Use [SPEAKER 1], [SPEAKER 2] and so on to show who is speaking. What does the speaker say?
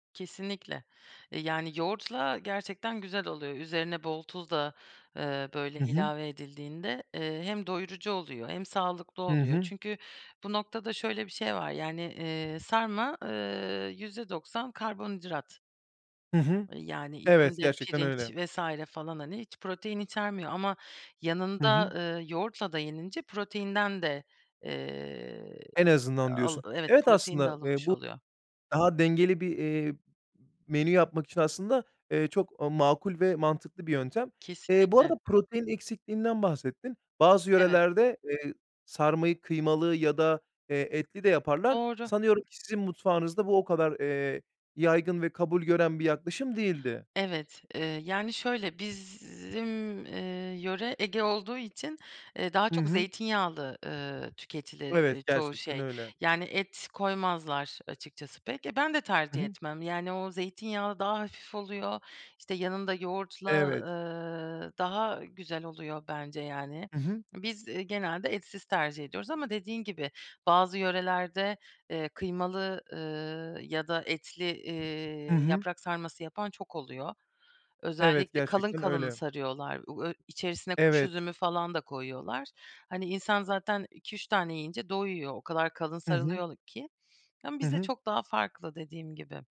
[SPEAKER 1] Kesinlikle. Eee, yani yoğurtla gerçekten güzel oluyor. Üzerine bol tuz da, eee, böyle,
[SPEAKER 2] Hı hı.
[SPEAKER 1] ilave edildiğinde, eee, hem doyurucu oluyor, hem sağlıklı
[SPEAKER 2] Hı
[SPEAKER 1] oluyor.
[SPEAKER 2] hı.
[SPEAKER 1] Çünkü bu noktada şöyle bir şey var, yani, eee, sarma, eee, %90 karbonhidrat.
[SPEAKER 2] Hı hı.
[SPEAKER 1] Eee, yani,
[SPEAKER 2] Evet,
[SPEAKER 1] içinde
[SPEAKER 2] gerçekten
[SPEAKER 1] pirinç
[SPEAKER 2] öyle.
[SPEAKER 1] vs. falan, hani, hiç protein içermiyor ama
[SPEAKER 2] Hı
[SPEAKER 1] yanında,
[SPEAKER 2] hı.
[SPEAKER 1] eee, yoğurtla da yenince proteinden de, eee,
[SPEAKER 2] En azından
[SPEAKER 1] al
[SPEAKER 2] diyorsun.
[SPEAKER 1] evet,
[SPEAKER 2] Evet
[SPEAKER 1] protein de
[SPEAKER 2] aslında, eee,
[SPEAKER 1] alınmış
[SPEAKER 2] bu
[SPEAKER 1] oluyor.
[SPEAKER 2] daha dengeli bir, eee, m menü yapmak için aslında, eee, çok makul ve mantıklı bir yöntem. Eee, bu arada
[SPEAKER 1] Kesinlikle.
[SPEAKER 2] protein eksikliğinden bahsettin. Bazı
[SPEAKER 1] Evet.
[SPEAKER 2] yörelerde, eee, sarmayı kıymalı ya da, eee, etli de yaparlar.
[SPEAKER 1] Doğru.
[SPEAKER 2] Sanıyorum ki sizin mutfağınızda bu o kadar, eee, yaygın ve kabul gören bir yaklaşım değildi.
[SPEAKER 1] Evet, eee, yani şöyle, bizim eee, yöre Ege olduğu için, eee, daha
[SPEAKER 2] Hı
[SPEAKER 1] çok
[SPEAKER 2] hı.
[SPEAKER 1] zeytinyağlı, ııı, tüketilir, eee,
[SPEAKER 2] Evet
[SPEAKER 1] çoğu
[SPEAKER 2] gerçekten
[SPEAKER 1] şey.
[SPEAKER 2] öyle.
[SPEAKER 1] Yani et koymazlar, açıkçası pek. E, ben de
[SPEAKER 2] Hı
[SPEAKER 1] tercih
[SPEAKER 2] hı.
[SPEAKER 1] etmem. Yani o zeytinyağı daha hafif oluyor, işte yanında yoğurtla,
[SPEAKER 2] Evet.
[SPEAKER 1] eee, daha güzel oluyor bence yani.
[SPEAKER 2] Hı hı.
[SPEAKER 1] Biz genelde etsiz tercih ediyoruz ama dediğin gibi, bazı yörelerde, eee, kıymalı, eee, ya da etli,
[SPEAKER 2] Hı
[SPEAKER 1] eee,
[SPEAKER 2] hı.
[SPEAKER 1] yaprak sarması yapan çok oluyor.
[SPEAKER 2] Evet
[SPEAKER 1] Özellikle kalın
[SPEAKER 2] gerçekten
[SPEAKER 1] kalın
[SPEAKER 2] öyle.
[SPEAKER 1] sarıyorlar. U ö içerisine kuş
[SPEAKER 2] Evet.
[SPEAKER 1] üzümü falan da koyuyorlar. Hani insan zaten 2-3 tane yiyince doyuyor. O kadar kalın
[SPEAKER 2] Hı hı.
[SPEAKER 1] sarılıyor ki, yani
[SPEAKER 2] Hı
[SPEAKER 1] bizde
[SPEAKER 2] hı.
[SPEAKER 1] çok daha farklı dediğim gibi.